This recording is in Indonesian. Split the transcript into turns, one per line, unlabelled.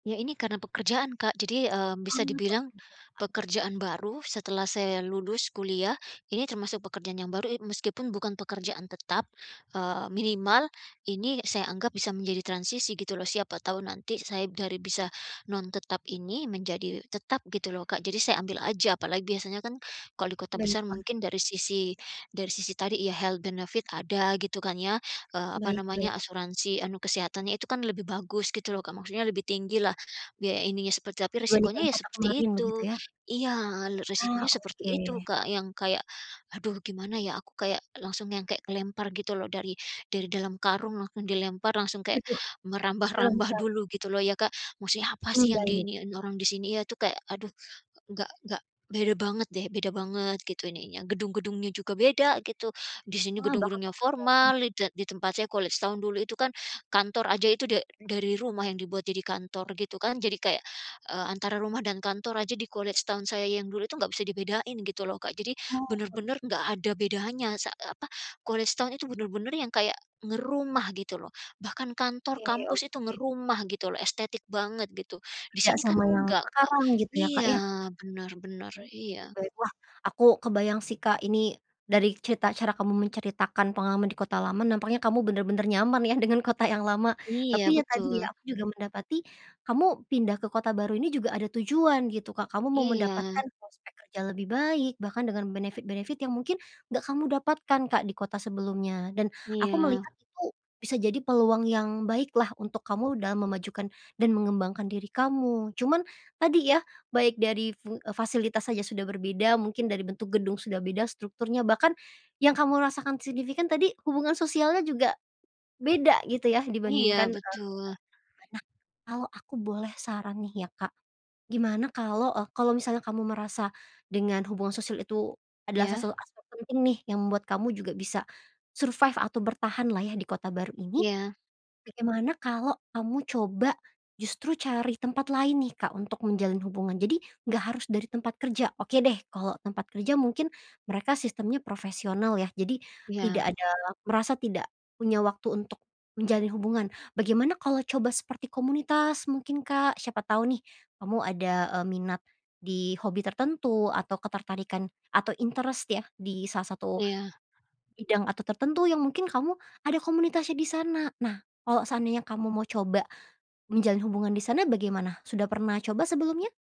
Iya, ini karena pekerjaan Kak, jadi, mmm, bisa
Oh pekerjaan.
dibilang pekerjaan baru, setelah saya lulus kuliah, ini termasuk pekerjaan yang baru i meskipun bukan pekerjaan tetap, eee, minimal ini saya anggap bisa menjadi transisi gitu loh, siapa tahu nanti saya dari bisa non tetap ini, menjadi tetap gitu loh, Kak. Jadi saya ambil aja, apalagi biasanya kan kalau di kota besar
Baiklah.
mungkin dari sisi dari sisi tadi ya, health benefit ada gitu kan ya, eee, apa
Baik
namanya,
baik.
asuransi anu kesehatannya itu kan lebih bagus, gitu loh, Kak. Maksudnya lebih tinggi lah, biaya ininya, seperti tapi
Dibandingkan
resikonya ya
kota
seperti
kemarin,
itu.
begitu ya?
Iya, re resikonya
Ah,
seperti itu,
oke.
Kak, yang kayak aduh gimana ya, aku kayak langsung yang kayak kelempar gitu loh, dari dari dalam karung langsung dilempar, langsung kayak
Waduh.
merambah-rambah
dilempar?
dulu gitu loh ya, Kak, maksudnya apa
Hmm,
sih, yang di
baik.
iniin orang di sini ya, itu kayak aduh enggak enggak beda banget deh, beda banget gitu ininya, gedung-gedungnya juga beda gitu. Di sini
Wah, bahkan
gedung-gedungnya
tempatnya ya?
formal, di te di tempat saya kalau College Town dulu itu kan, kantor aja itu da dari rumah yang dibuat jadi kantor gitu kan. Jadi kayak, eee, antara rumah dan kantor aja di College Town saya yang dulu itu nggak bisa dibedain gitu loh, Kak. Jadi
Oke.
bener-bener nggak ada bedanya sa eee, apa, College Town itu bener-bener yang kayak ngerumah gitu loh, bahkan kantor
Oke
kampus itu
oke.
ngerumah gitu loh, estetik banget gitu. Di
Beda
sini kan
sama yang
enggak, Kak.
sekarang gitu ya, Kak,
Iya,
ya?
benar benar,
Oke,
iya.
baik. Wah, aku kebayang sih, Kak, ini dari cerita cara kamu menceritakan pengalaman di kota lama, nampaknya kamu bener-bener nyaman ya, dengan kota yang lama. Tapi,
Iya,
ya tadi ya,
betul.
aku juga mendapati kamu pindah ke kota baru ini juga ada tujuan gitu, Kak, kamu mau
Iya.
mendapatkan prospek kerja lebih baik, bahkan dengan benefit-benefit yang mungkin nggak kamu dapatkan, Kak, di kota sebelumnya dan aku
Iya.
melihat itu bisa jadi peluang yang baik lah, untuk kamu dalam memajukan dan mengembangkan diri kamu. Cuman tadi ya, baik dari fu eee, fasilitas saja sudah berbeda, mungkin dari bentuk gedung sudah beda strukturnya, bahkan yang kamu rasakan signifikan tadi, hubungan sosialnya juga beda gitu ya,
Iya,
dibandingkan, eee,
betul.
kota lama. Nah, kalau aku boleh saran nih ya, Kak, gimana kalau, eee, kalau misalnya kamu merasa dengan hubungan sosial itu adalah
Iya.
salah salah satu aspek penting nih, yang membuat kamu juga bisa survive atau bertahan lah ya, di kota baru ini.
Iya.
Bagaimana kalau kamu coba justru cari tempat lain nih, Kak, untuk menjalin hubungan. Jadi nggak harus dari tempat kerja. Oke deh, kalau tempat kerja mungkin mereka sistemnya profesional ya, jadi
Iya.
tidak ada merasa tidak punya waktu untuk menjalin hubungan. Bagaimana kalau coba seperti komunitas mungkin, Kak, siapa tahu nih, kamu ada, eee, minat di hobi tertentu atau ketertarikan atau interest ya, di salah satu
Iya.
bidang atau tertentu yang mungkin kamu ada komunitasnya di sana. Nah, kalau seandainya kamu mau coba menjalin hubungan di sana bagaimana? Sudah pernah coba sebelumnya?